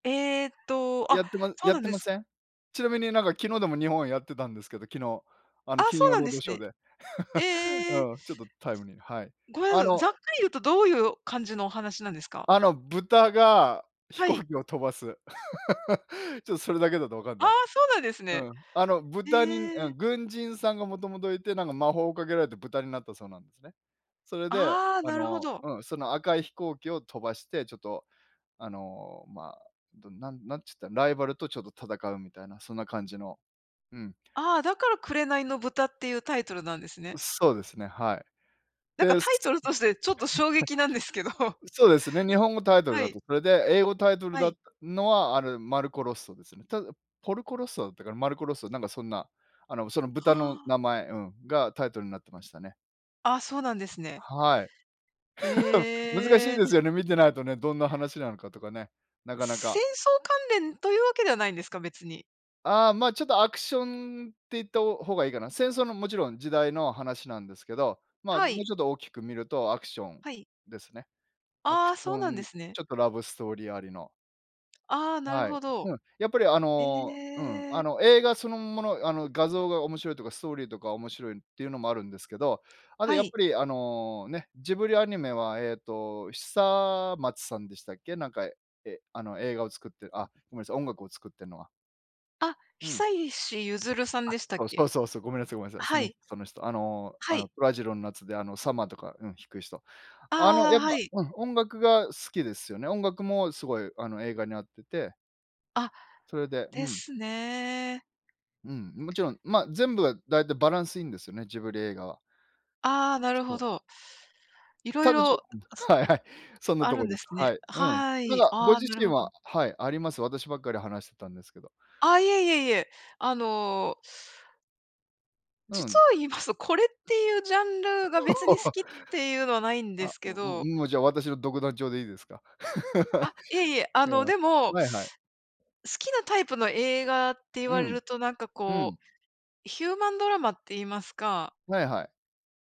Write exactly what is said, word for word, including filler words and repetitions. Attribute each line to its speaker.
Speaker 1: ええと、あ、
Speaker 2: やってま
Speaker 1: そう
Speaker 2: やっ
Speaker 1: なん
Speaker 2: て
Speaker 1: で
Speaker 2: ま
Speaker 1: す。
Speaker 2: せん？ちなみになんか昨日でも日本やってたんですけど、昨日、あの
Speaker 1: あ、
Speaker 2: 金
Speaker 1: そう
Speaker 2: 曜
Speaker 1: なん
Speaker 2: ロー
Speaker 1: で
Speaker 2: ド
Speaker 1: す
Speaker 2: ショー
Speaker 1: ね。
Speaker 2: で。
Speaker 1: ええ。
Speaker 2: うん、ちょっとタイムリー、はい。
Speaker 1: ごめん
Speaker 2: あ
Speaker 1: なさい、
Speaker 2: の
Speaker 1: ざっくり言うとどういう感じのお話なんですか？
Speaker 2: あの豚が飛
Speaker 1: は
Speaker 2: 行
Speaker 1: い。
Speaker 2: 機を飛ばす。ちょっとそれだけだとわかん
Speaker 1: ああ、
Speaker 2: ない。
Speaker 1: そうなんですね。
Speaker 2: うん、あの
Speaker 1: え
Speaker 2: 豚にあ
Speaker 1: え。
Speaker 2: 軍人さんがもともといて、なんか魔法をかけられて豚になったそうなんですね。それで、
Speaker 1: ああ、
Speaker 2: あ
Speaker 1: なるほ
Speaker 2: の
Speaker 1: ど。
Speaker 2: うん、その赤い飛行機を飛ばして、ちょっとあのま、どなんなんつったら、ライバルとちょっと戦うみたいな、そんな感じの、うん。
Speaker 1: ああ、だから紅の豚っていうタイトルなんです
Speaker 2: う、
Speaker 1: ね。
Speaker 2: そうですね、はい。
Speaker 1: なんか
Speaker 2: で、す
Speaker 1: タイトルとしてちょっと衝撃なんですけど。
Speaker 2: そうですね。日本語タイトル
Speaker 1: は
Speaker 2: だ
Speaker 1: い。
Speaker 2: と。それで、英語タイトル
Speaker 1: は
Speaker 2: だっ
Speaker 1: い。
Speaker 2: たのは、あるマルコロッソですね。ただ、ポルコ・ロッソだったかな？マルコロッソなんかそんな、あのその
Speaker 1: は
Speaker 2: 豚の
Speaker 1: あ。
Speaker 2: 名前、うん、がタイトルになってましたね。
Speaker 1: あ、そうなんですね。
Speaker 2: はい。
Speaker 1: へ
Speaker 2: 難しい
Speaker 1: え。
Speaker 2: ですよね、見てないとね、どんな話なのかとかね、なかな
Speaker 1: 戦
Speaker 2: か。
Speaker 1: 争関連というわけではないんですか？別に。
Speaker 2: ああ、まちょっとアクションっていった方がいいかな。戦争のもちろん時代の話なんですけど、ま、
Speaker 1: は
Speaker 2: もう
Speaker 1: い。
Speaker 2: ちょっと大きく見るとアクション
Speaker 1: はい。
Speaker 2: ですね。アク
Speaker 1: あ
Speaker 2: シ
Speaker 1: あ、
Speaker 2: ョ
Speaker 1: そうなんで
Speaker 2: ン、
Speaker 1: すね。
Speaker 2: ちょっとラブストーリーありの。
Speaker 1: ああ、なる
Speaker 2: はい。
Speaker 1: ほど。
Speaker 2: うん。やっぱりあ
Speaker 1: へ
Speaker 2: の、うん、あ
Speaker 1: え。
Speaker 2: の映画そのもの、あの画像が面白いとかストーリーとか面白いっていうのもあるんですけど、あと
Speaker 1: は
Speaker 2: やっ
Speaker 1: い。
Speaker 2: ぱりあのね、ジブリアニメはえっと、久松さんでしたっけ？なんか、え、あの映画を作って、あ、ごめんなさい、音楽を作ってんのは。
Speaker 1: あ、
Speaker 2: うん。
Speaker 1: 久石ゆずるさん
Speaker 2: あ、
Speaker 1: でしたっ
Speaker 2: そう
Speaker 1: け？
Speaker 2: そうそうそう、ごめんなさいごめんなさい。そ
Speaker 1: は
Speaker 2: の
Speaker 1: い。
Speaker 2: その人。あの、
Speaker 1: は
Speaker 2: あ
Speaker 1: い。
Speaker 2: の虎次郎の夏であのサマーとか、うん、弾く人。あの
Speaker 1: ああ、
Speaker 2: やっ
Speaker 1: はい。
Speaker 2: ぱ、うん、音楽が好きですよね。音楽もすごいあの映画に合ってて
Speaker 1: あ、
Speaker 2: それで、う
Speaker 1: で
Speaker 2: ん。
Speaker 1: すね。
Speaker 2: うん、もちろん、ま全部は大体バランスいいんですよね、ジブリ映画は。
Speaker 1: ああ、なるほ
Speaker 2: そう。
Speaker 1: ど。色
Speaker 2: ただ、ち
Speaker 1: 々、
Speaker 2: ょうん、
Speaker 1: あす
Speaker 2: はいはい。そんな
Speaker 1: あ
Speaker 2: と
Speaker 1: る
Speaker 2: こ
Speaker 1: ん
Speaker 2: で
Speaker 1: で
Speaker 2: す。
Speaker 1: すね。
Speaker 2: はい。うん。
Speaker 1: は
Speaker 2: なん
Speaker 1: い、
Speaker 2: かご
Speaker 1: ああ、
Speaker 2: 自
Speaker 1: なる
Speaker 2: 身
Speaker 1: ほ
Speaker 2: は、
Speaker 1: ど。
Speaker 2: はい、あります？私ばっかり話してたんですけど。
Speaker 1: あ、いえいえいえ、あの
Speaker 2: う
Speaker 1: 実
Speaker 2: ん。
Speaker 1: を言いますと、これっていうジャンルが別に好 きっていうのはないんで
Speaker 2: あ、
Speaker 1: すけど。
Speaker 2: もうじゃあ私の独壇場でいいですか？
Speaker 1: あ、いえい え、あ
Speaker 2: いや、
Speaker 1: のでも
Speaker 2: はいはい。
Speaker 1: 好きなタイプの映画って言
Speaker 2: う
Speaker 1: われ
Speaker 2: ん。
Speaker 1: るとなんか
Speaker 2: う
Speaker 1: こ
Speaker 2: ん。
Speaker 1: う、ヒューマンドラマって言いますか。
Speaker 2: はいはい。